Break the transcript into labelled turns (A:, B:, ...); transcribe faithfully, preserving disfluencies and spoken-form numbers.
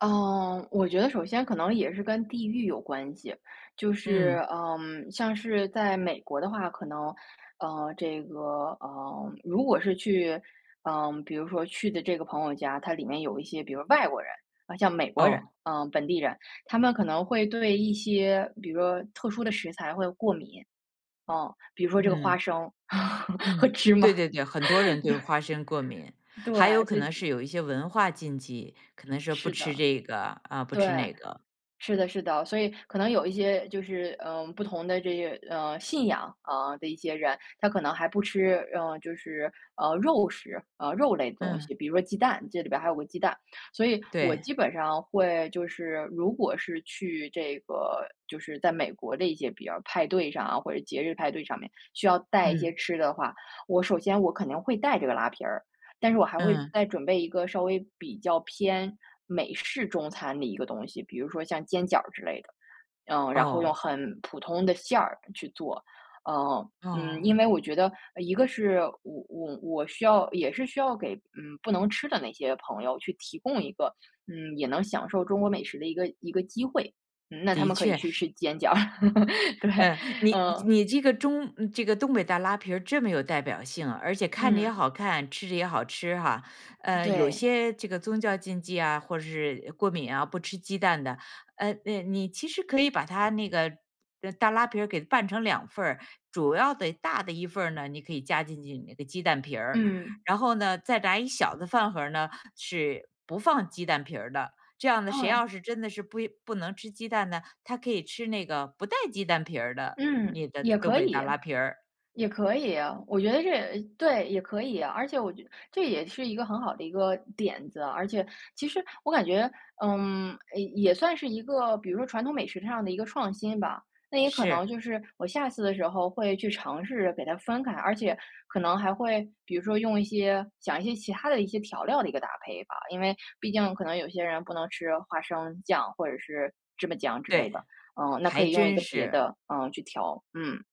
A: 嗯，我觉得首先可能也是跟地域有关系就
B: 嗯。
A: 是，嗯，像是在美国的话可能，嗯，这个，嗯，如果是去，嗯，比如说去的这个朋友家，它里面有一些比如外国人，像美国
B: 哦。
A: 人，啊，本地人，他们可能会对一些比如说特殊的食材会过敏。嗯，比如说这个花
B: 嗯。
A: 生 和
B: 嗯，
A: 芝麻，
B: 对对对，很多人对花生过敏，
A: 对。
B: 还有
A: 对，
B: 可
A: 所以
B: 能是有一些文化禁忌。可能是不
A: 是
B: 吃
A: 的，
B: 这个，啊，不
A: 对，
B: 吃那个。
A: 是的是的，所以可能有一些就是，呃，不同的这个，呃，信仰，啊，的一些人，他可能还不吃，嗯，就是，呃，肉食，啊，肉类的东
B: 嗯。
A: 西，比如说鸡蛋这里边还有个鸡蛋。所以我
B: 对。
A: 基本上会就是如果是去这个就是在美国的一些比如派对上或者节日派对上面，需要带一些
B: 嗯。
A: 吃的话，我首先我肯定会带这个拉皮儿，但是我还会
B: 嗯。
A: 再准备一个稍微比较偏美式中餐的一个东西，比如说像煎饺儿之类的。嗯，然后用
B: 哦。
A: 很普通的馅儿去做。嗯嗯，
B: 哦。
A: 因为我觉得，一个是我我我需要也是需要给，嗯，不能吃的那些朋友去提供一个，嗯，也能享受中国美食的一个一个机会。嗯，那他
B: 的
A: 们可以
B: 确。
A: 去吃煎饺。对，
B: 嗯，你
A: 嗯。
B: 你这个中这个东北大拉皮这么有代表性，而且看着也
A: 嗯。
B: 好看，吃着也好吃哈。呃，有
A: 对。
B: 些这个宗教禁忌啊，或者是过敏啊，不吃鸡蛋的，嗯，那你其实可以把它那个大拉皮给拌成两份儿。主要的大的一份呢，你可以加进去那个鸡蛋皮，
A: 嗯。
B: 然后呢，再来一小的饭盒儿呢是不放鸡蛋皮的。这样呢，谁要
A: 嗯。
B: 是真的是不不能吃鸡蛋呢，他可以吃那个不带鸡蛋皮的
A: 嗯，
B: 你的
A: 也
B: 东
A: 可
B: 北大
A: 以
B: 拉皮儿。
A: 也可以，我觉得这也对，也可以，而且我觉得这也是一个很好的一个点子，而且其实我感觉，嗯，也算是一个比如说传统美食上的一个创新吧。那也可能
B: 是。
A: 就是我下次的时候会去尝试给它分开，而且可能还会比如说用一些讲一些其他的一些调料的一个搭配吧，因为毕竟可能有些人不能吃花生酱或者是芝麻酱之类的。
B: 对，
A: 嗯，那可
B: 还
A: 以用一
B: 真
A: 个别
B: 是。
A: 的，嗯，去调。嗯。